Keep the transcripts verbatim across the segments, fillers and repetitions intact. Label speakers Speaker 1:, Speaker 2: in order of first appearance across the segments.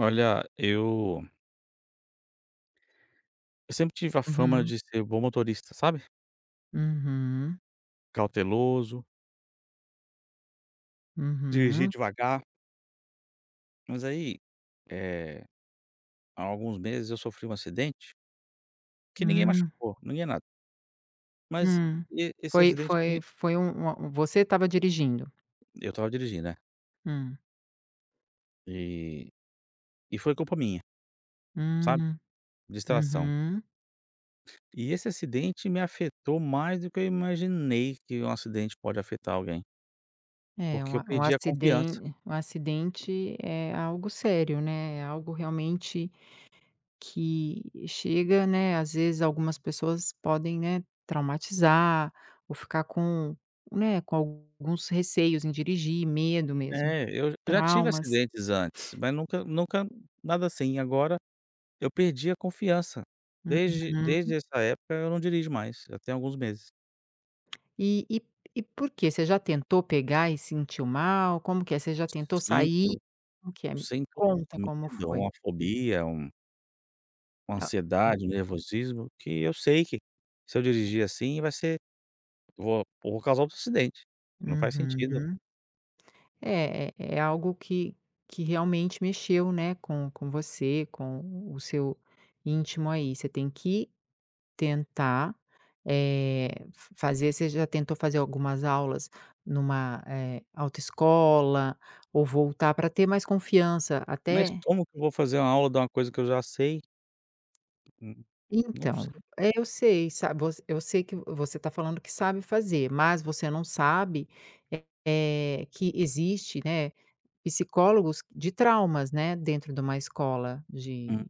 Speaker 1: Olha, eu eu sempre tive a fama
Speaker 2: Uhum.
Speaker 1: de ser bom motorista, sabe.
Speaker 2: Uhum.
Speaker 1: Cauteloso dirigir
Speaker 2: Uhum.
Speaker 1: devagar. Mas aí, eh, há alguns meses eu sofri um acidente que ninguém
Speaker 2: Hum.
Speaker 1: machucou, ninguém nada. Mas
Speaker 2: Hum.
Speaker 1: e esse
Speaker 2: Foi
Speaker 1: acidente
Speaker 2: foi
Speaker 1: me
Speaker 2: foi um uma você estava dirigindo?
Speaker 1: Eu estava dirigindo. É.
Speaker 2: Hum.
Speaker 1: E e foi culpa minha sabe,
Speaker 2: Hum.
Speaker 1: distração.
Speaker 2: Uhum.
Speaker 1: E esse acidente me afetou mais do que eu imaginei que um acidente pode afetar alguém.
Speaker 2: É, um
Speaker 1: Porque eu
Speaker 2: a um
Speaker 1: perdi a confiança.
Speaker 2: aciden um acidente é algo sério, né, é algo realmente que chega né, às vezes, algumas pessoas podem, né, traumatizar ou ficar com né, com alguns receios em dirigir, medo mesmo,
Speaker 1: É, eu j já tive
Speaker 2: traumas.
Speaker 1: acidentes antes, mas nunca nunca nada assim, agora, eu perdi a confiança. Desde
Speaker 2: Uhum.
Speaker 1: desde essa época eu não dirijo mais, já tem alguns meses.
Speaker 2: E e e por quê? Você já tentou pegar e sentiu mal? Como que é? Você já tentou sair?
Speaker 1: Sinto,
Speaker 2: Como que é? Me
Speaker 1: sinto
Speaker 2: conta como
Speaker 1: medo,
Speaker 2: foi.
Speaker 1: uma fobia, um uma
Speaker 2: Tá, hum.
Speaker 1: ansiedade, um nervosismo, que eu sei que se eu dirigir, assim, vai ser vou vou causar outro acidente, não faz sentido.
Speaker 2: Uhum. É é é algo que que realmente mexeu, né, com com você, com o seu íntimo aí. Você tem que tentar, eh, f fazer você já tentou fazer algumas aulas numa, eh, autoescola ou voltar pra ter mais confiança
Speaker 1: Mas
Speaker 2: até
Speaker 1: como que eu vou fazer uma aula de uma coisa que eu já sei? Hum, não
Speaker 2: Então
Speaker 1: sei.
Speaker 2: é, eu sei, sa voc eu sei que vo você tá falando que sabe fazer, mas você não sabe, eh, que existe, né, psicólogos de traumas, né, dentro de uma escola de
Speaker 1: Hum.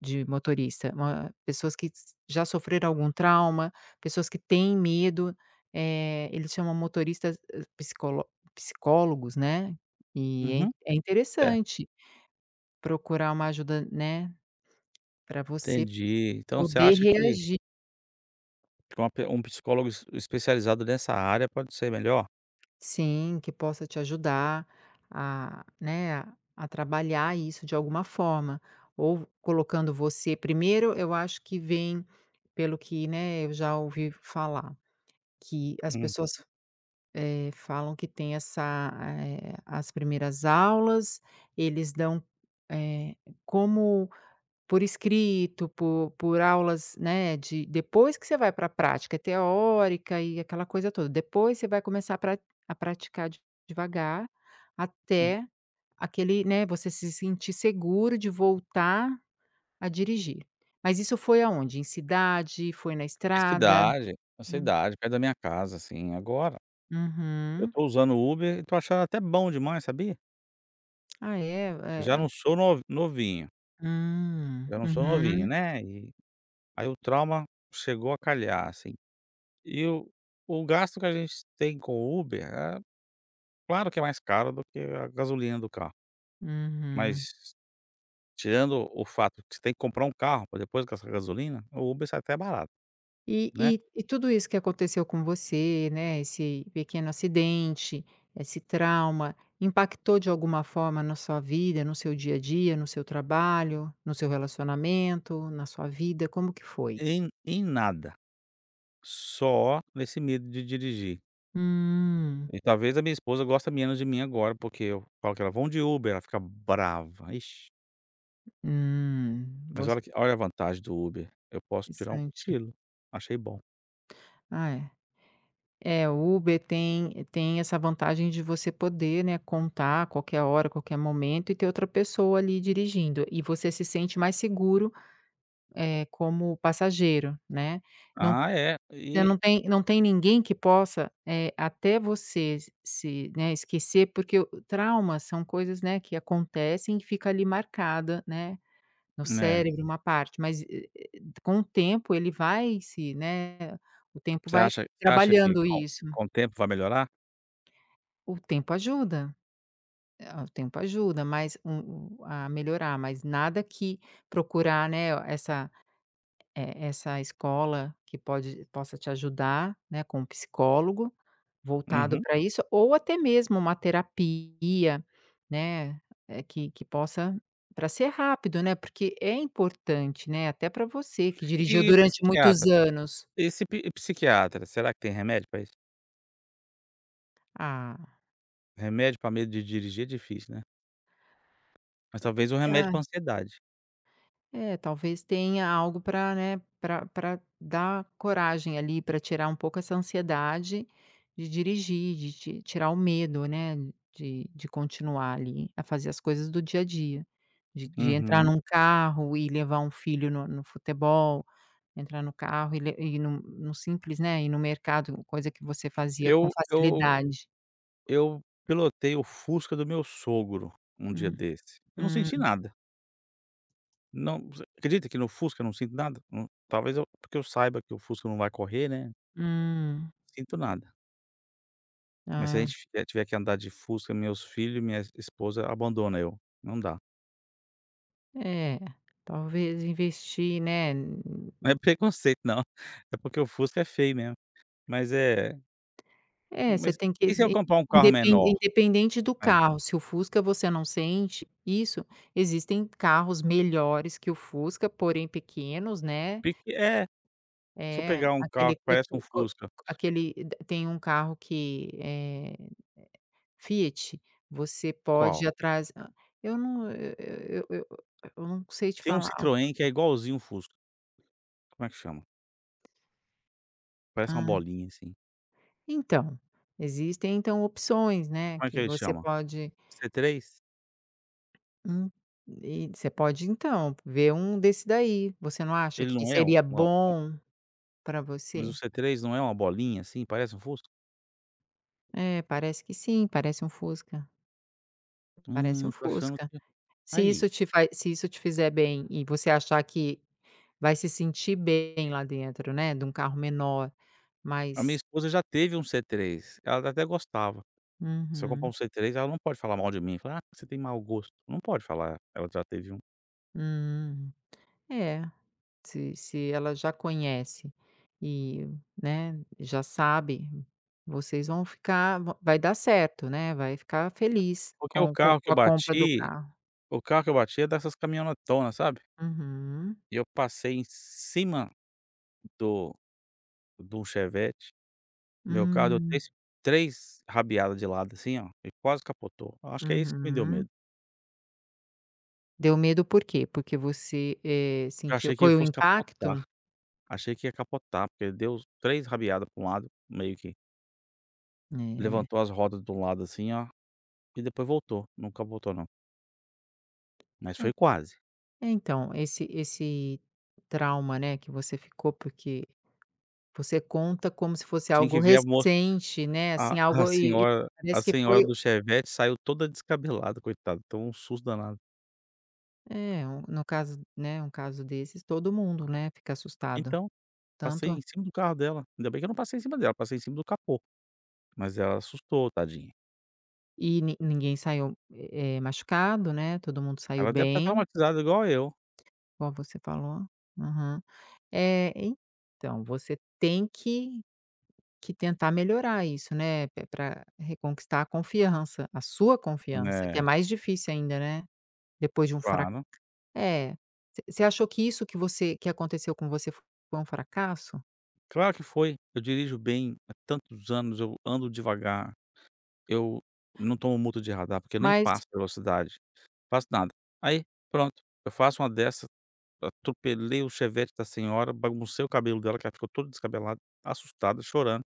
Speaker 2: de motorista. Uma pessoas que já sofreram algum trauma, pessoas que têm medo, eh, eles chamam motoristas, eh, psicolo psicólogos, né. E é
Speaker 1: Uhum.
Speaker 2: in é
Speaker 1: É.
Speaker 2: interessante procurar uma ajuda, né, pra você
Speaker 1: Entendi. Então você
Speaker 2: poder
Speaker 1: acha que
Speaker 2: reagir.
Speaker 1: Uma pe um psicólogo es especializado nessa área pode ser melhor?
Speaker 2: Sim, que possa te ajudar a né, a a trabalhar isso de alguma forma, ou colocando você primeiro, eu acho que vem pelo que né, eu já ouvi falar, que as
Speaker 1: Uhum.
Speaker 2: pessoas, eh, falam que tem essa eh, as primeiras aulas, eles dão eh, como por escrito, por por aulas né, de depois que você vai para a prática. É teórica e aquela coisa toda, depois você vai começar pra a praticar de devagar
Speaker 1: Hum.
Speaker 2: até aquele né, você se sentir seguro de voltar a dirigir. Mas isso foi aonde? Em cidade, foi na
Speaker 1: Na
Speaker 2: estrada?
Speaker 1: cidade na
Speaker 2: Hum.
Speaker 1: cidade, perto da minha casa, assim. Agora, eu
Speaker 2: Uhum.
Speaker 1: estou usando Uber e estou achando até bom demais, sabia?
Speaker 2: Ah, é?
Speaker 1: Porque já
Speaker 2: É
Speaker 1: não
Speaker 2: é
Speaker 1: sou nov novinho...
Speaker 2: Hum.
Speaker 1: já não sou novinho,
Speaker 2: Uhum.
Speaker 1: né. E aí o trauma chegou a calhar, assim. E o o gasto que a gente tem com o Uber, é claro que é mais caro do que a gasolina do carro,
Speaker 2: Uhum.
Speaker 1: mas, tirando o fato que você tem que comprar um carro, para depois gastar com gasolina, o Uber sai até barato,
Speaker 2: E
Speaker 1: né.
Speaker 2: e e tudo isso que aconteceu com você, né, esse pequeno acidente, esse trauma, impactou de alguma forma na sua vida, no seu dia a dia, no seu trabalho, no seu relacionamento, na sua vida? Como que foi?
Speaker 1: Em em nada. Só nesse medo de dirigir.
Speaker 2: Hum.
Speaker 1: E talvez a minha esposa gosta menos de mim agora, porque eu falo com ela: "Vamos de Uber", ela fica brava, vixe.
Speaker 2: Hum.
Speaker 1: Mas
Speaker 2: Voc
Speaker 1: olha que olha a vantagem do Uber, eu posso tirar um
Speaker 2: Interessante.
Speaker 1: cochilo. Achei bom.
Speaker 2: Ah, é. É, o Uber tem tem essa vantagem de você poder, né, contar a qualquer hora, qualquer momento e ter outra pessoa ali dirigindo, e você se sente mais seguro, eh, como passageiro, né. Não
Speaker 1: Ah, é.
Speaker 2: você
Speaker 1: E
Speaker 2: não tem não tem ninguém que possa eh, até você se né, esquecer, porque o o trauma são coisas, né, que acontecem e fica ali marcada, né, no
Speaker 1: É.
Speaker 2: cérebro uma parte, mas e e com o tempo ele vai se né, o tempo
Speaker 1: Você
Speaker 2: vai
Speaker 1: acha você acha que
Speaker 2: trabalhando
Speaker 1: com
Speaker 2: isso.
Speaker 1: com o tempo vai melhorar?
Speaker 2: O tempo ajuda. É, o tempo ajuda, mas o o a melhorar, mas nada que procurar, né, essa e essa escola que pode possa te ajudar, né, com psicólogo voltado
Speaker 1: Uhum.
Speaker 2: pra isso, ou até mesmo uma terapia, né, eh, que que possa pra ser rápido, né. Porque é importante, né, até pra você que dirigiu
Speaker 1: E
Speaker 2: durante muitos
Speaker 1: psiquiatra?
Speaker 2: anos.
Speaker 1: E se pi e psiquiatra, será que tem remédio pra isso?
Speaker 2: Ah.
Speaker 1: Remédio pra medo de dirigir é difícil, né. Mas talvez um remédio
Speaker 2: Ah.
Speaker 1: pra ansiedade.
Speaker 2: É, talvez, tenha algo pra né, pra pra dar coragem ali, pra tirar um pouco essa ansiedade de dirigir, de ti tirar o medo, né, de de continuar ali a fazer as coisas do dia a dia, de de entrar
Speaker 1: Uhum.
Speaker 2: num carro e levar um filho no no futebol, entrar no carro e le ir num num simples, né, ir no mercado, coisa que você fazia com
Speaker 1: Eu eu
Speaker 2: facilidade.
Speaker 1: eu pilotei o Fusca do meu sogro um dia
Speaker 2: Hum.
Speaker 1: desse, eu não senti
Speaker 2: Hum.
Speaker 1: nada. Não você acredita que no Fusca eu não sinto nada? Na talvez eu porque eu saiba que o Fusca não vai correr, né.
Speaker 2: Hum.
Speaker 1: Sinto nada. Mas se a
Speaker 2: Ah.
Speaker 1: gente fi eh, tiver que andar de Fusca, meus filhos e minha esposa abandona eu, não dá.
Speaker 2: É, talvez investir, né, n
Speaker 1: Não é preconceito não, é porque o Fusca é feio mesmo. Mas é
Speaker 2: É, você
Speaker 1: Mas
Speaker 2: tem que
Speaker 1: e se eu
Speaker 2: in
Speaker 1: comprar um carro
Speaker 2: indepen
Speaker 1: menor?
Speaker 2: independente do
Speaker 1: Hã.
Speaker 2: carro, se o Fusca você não sente isso, existem carros melhores que o Fusca, porém pequenos, né
Speaker 1: Pe é. Se eu
Speaker 2: É,
Speaker 1: pegar um carro
Speaker 2: aquele
Speaker 1: que
Speaker 2: cot
Speaker 1: parece um
Speaker 2: co
Speaker 1: Fusca
Speaker 2: aquele tem um carro que eh, Fiat, você pode
Speaker 1: Qual?
Speaker 2: ir atrás hã. Eu não eu eu eu eu não sei te
Speaker 1: Tem um
Speaker 2: falar.
Speaker 1: Citroën que é igualzinho o Fusca. Como é que chama? Parece uma
Speaker 2: Ah.
Speaker 1: bolinha, assim.
Speaker 2: Então, existem então opções, né,
Speaker 1: Como é que
Speaker 2: que
Speaker 1: ele
Speaker 2: você
Speaker 1: chama?
Speaker 2: pode
Speaker 1: C3?
Speaker 2: Hum. E você pode então, ver um desse daí. Você não acha
Speaker 1: Ele
Speaker 2: que
Speaker 1: não é um
Speaker 2: seria
Speaker 1: uma um
Speaker 2: bom para
Speaker 1: Mas o
Speaker 2: você?
Speaker 1: C3 não é uma bolinha, assim, parece um Fusca?
Speaker 2: É, parece que sim, parece um Fusca. Parece um
Speaker 1: Hum, tô achando
Speaker 2: Fusca.
Speaker 1: que
Speaker 2: Se
Speaker 1: aí
Speaker 2: isso te faz se isso te fizer bem e você achar que vai se sentir bem lá dentro, né, de um carro menor,
Speaker 1: A minha
Speaker 2: mas
Speaker 1: esposa já teve um C3, ela até gostava. Se eu comprar um
Speaker 2: Uhum.
Speaker 1: C3, ela não pode falar mal de mim, falar: "Ah, que você tem mau gosto". Não pode falar, ela já teve um.
Speaker 2: Hum. É, se se ela já conhece e, né, já sabe, vocês vão ficar va vai dar certo, né, vai ficar feliz
Speaker 1: Porque o
Speaker 2: com o com
Speaker 1: carro que
Speaker 2: com
Speaker 1: eu
Speaker 2: a compra do
Speaker 1: bati
Speaker 2: carro.
Speaker 1: o carro que eu bati é dessas caminhonetonas, sabe?
Speaker 2: Uhum.
Speaker 1: E eu passei em cima do de um Chevette. Meu carro deu
Speaker 2: Hum.
Speaker 1: três três rabiada de lado, assim, oh, ele quase capotou. Acho que é isso que me deu
Speaker 2: Uhum.
Speaker 1: medo.
Speaker 2: Deu medo por quê? Porque você, eh,
Speaker 1: Porque eu
Speaker 2: sentiu
Speaker 1: achei que ele
Speaker 2: foi o
Speaker 1: fosse capotar.
Speaker 2: impacto?
Speaker 1: Achei que ia capotar, porque deu três rabiada para um lado, meio que
Speaker 2: É.
Speaker 1: levantou as rodas de um lado assim, ó, e depois voltou. Não capotou, não. Mas
Speaker 2: É.
Speaker 1: foi quase.
Speaker 2: É então, esse esse trauma, né, que você ficou, porque você conta como se fosse
Speaker 1: Tinha
Speaker 2: algo
Speaker 1: que ver a mos
Speaker 2: recente, né.
Speaker 1: a
Speaker 2: Assim,
Speaker 1: a
Speaker 2: algo e e
Speaker 1: senhora a
Speaker 2: parece que
Speaker 1: senhora
Speaker 2: foi
Speaker 1: do Chevette saiu toda descabelada, coitada, tomou um susto danado.
Speaker 2: É, um no caso, né, um caso desses, todo mundo, né, fica assustado.
Speaker 1: Então, passei
Speaker 2: Tanto
Speaker 1: em cima do carro dela. Ainda bem que eu não passei em cima dela, passei em cima do capô, mas ela assustou, tadinha.
Speaker 2: E ni ninguém saiu, é é machucado, né, todo mundo saiu
Speaker 1: Ela deve estar
Speaker 2: bem
Speaker 1: traumatizada igual eu.
Speaker 2: Igual você falou. Aham. É, então, você tem que que tentar melhorar isso, né. Pe para reconquistar a confiança, a sua confiança, que é
Speaker 1: É.
Speaker 2: mais difícil ainda, né. Depois de um frac
Speaker 1: Claro.
Speaker 2: é, você você achou que isso que você que aconteceu com você foi um fracasso?
Speaker 1: Claro que foi. Eu dirijo bem há tantos anos, eu ando devagar, eu não tomo multa de radar, porque eu nem
Speaker 2: Mas
Speaker 1: passo a velocidade, faço nada. Aí, pronto, eu faço uma dessa, atropelei o Chevette da senhora, baguncei o cabelo dela, que ela ficou toda descabelada, assustada, chorando.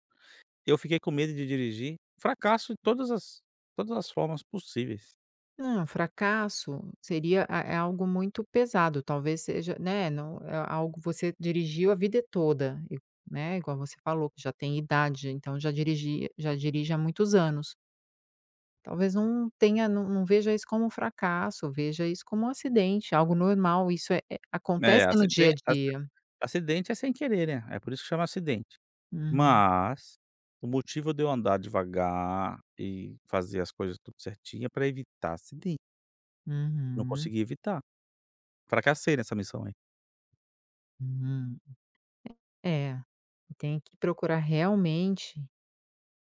Speaker 1: Eu fiquei com medo de dirigir. Fracasso em todas as todas as formas possíveis.
Speaker 2: Não, fracasso seria, a é algo muito pesado, talvez seja né, não é algo, você dirigiu a vida toda, e né, igual você falou que já tem idade, então já dirigia já dirige há muitos anos. Talvez não tenha não não veja isso como um fracasso, veja isso como um acidente, algo normal, isso é é
Speaker 1: É,
Speaker 2: acontece no dia a
Speaker 1: aciden aci
Speaker 2: dia.
Speaker 1: acidente é sem querer, né, é por isso que chama acidente.
Speaker 2: Hum.
Speaker 1: Mas o motivo de eu andar devagar e fazer as coisas tudo certinha é pra evitar acidente. Não
Speaker 2: Uhum.
Speaker 1: consegui evitar. Fracassei nessa missão aí.
Speaker 2: Hum. É é, tem que procurar realmente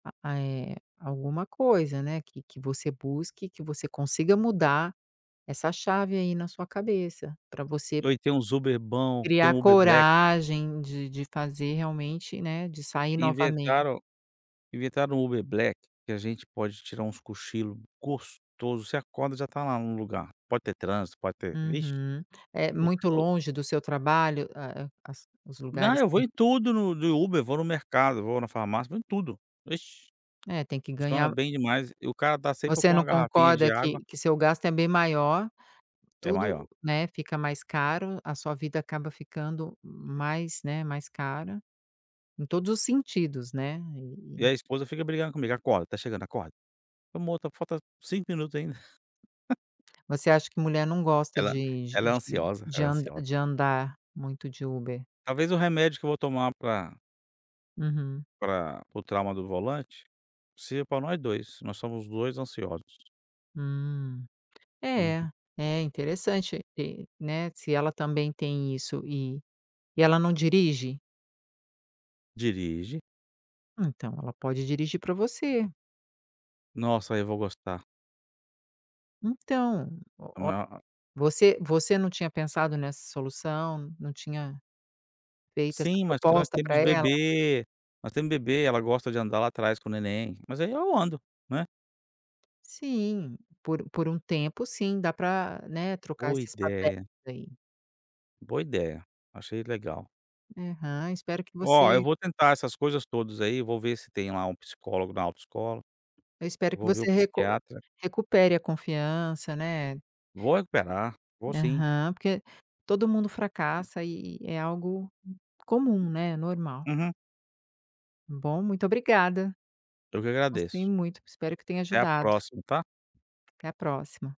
Speaker 2: a a eh, alguma coisa, né, que que você busque, que você consiga mudar essa chave aí na sua cabeça, pra você
Speaker 1: Oh, e tem uns Uber bom, tem
Speaker 2: criar
Speaker 1: o Uber Black.
Speaker 2: coragem de de fazer realmente né, de sair novamente.
Speaker 1: Inventaram inventaram o Uber Black que a gente pode tirar uns cochilo gostoso, você acorda, já tá lá no lugar. Pode ter trânsito, pode ter ixe.
Speaker 2: Uhum. É
Speaker 1: O
Speaker 2: muito
Speaker 1: o
Speaker 2: longe do seu trabalho a as os
Speaker 1: Não,
Speaker 2: lugares
Speaker 1: eu
Speaker 2: em
Speaker 1: vou em tudo no de Uber, vou no mercado, vou na farmácia, vou em tudo. Ixe,
Speaker 2: É, tem que
Speaker 1: funciona
Speaker 2: ganhar
Speaker 1: bem demais. E o cara tá sempre
Speaker 2: você
Speaker 1: com
Speaker 2: não
Speaker 1: uma garrafinha de
Speaker 2: concorda
Speaker 1: água
Speaker 2: que que seu gasto é bem maior,
Speaker 1: É
Speaker 2: tudo,
Speaker 1: maior.
Speaker 2: né, fica mais caro, a sua vida acaba ficando mais né, mais cara em todos os sentidos, né.
Speaker 1: E a
Speaker 2: E
Speaker 1: esposa fica brigando comigo: "Acorda, tá chegando, acorda". "Amor, tá falta cinco minutos ainda".
Speaker 2: Você acha que mulher não gosta
Speaker 1: Ela
Speaker 2: de de
Speaker 1: ela é
Speaker 2: de
Speaker 1: ansiosa,
Speaker 2: de
Speaker 1: ela é
Speaker 2: and
Speaker 1: ansiosa.
Speaker 2: de andar muito de Uber?
Speaker 1: Talvez o remédio que eu vou tomar pra
Speaker 2: Uhum.
Speaker 1: Pra para o trauma do volante, seja pra nós dois, nós somos dois ansiosos.
Speaker 2: Hum. É,
Speaker 1: Uhum.
Speaker 2: é interessante, é, né, se ela também tem isso e e ela não dirige?
Speaker 1: Dirige.
Speaker 2: Ah, então ela pode dirigir pra você.
Speaker 1: Nossa, aí eu vou gostar.
Speaker 2: Então, oh oh
Speaker 1: [unintelligible]
Speaker 2: você você não tinha pensado nessa solução, não tinha feito essa
Speaker 1: Sim, mas porque nós
Speaker 2: proposta para
Speaker 1: temos
Speaker 2: ela?
Speaker 1: bebê, nós temos bebê, ela gosta de andar lá atrás com o neném, mas aí eu ando, né.
Speaker 2: Sim, por por um tempo, sim, dá para, né, trocar
Speaker 1: Boa
Speaker 2: esses papéis
Speaker 1: idéia.
Speaker 2: aí.
Speaker 1: Boa idéia, achei legal.
Speaker 2: Aham, espero que
Speaker 1: Oh, eu
Speaker 2: você
Speaker 1: vou tentar essas coisas todas aí, vou ver se tem lá um psicólogo na autoescola,
Speaker 2: Eu espero que
Speaker 1: vou ver o
Speaker 2: você recu
Speaker 1: psiquiatra.
Speaker 2: recupere a confiança, né.
Speaker 1: Vou recuperar, vou sim.
Speaker 2: Aham, porque todo mundo fracassa e é algo comum, né, normal.
Speaker 1: Uhum.
Speaker 2: Bom, muito obrigada.
Speaker 1: Eu que
Speaker 2: Gostei
Speaker 1: agradeço.
Speaker 2: muito, espero que tenha
Speaker 1: Até a
Speaker 2: ajudado.
Speaker 1: próxima, tá?
Speaker 2: Até a próxima.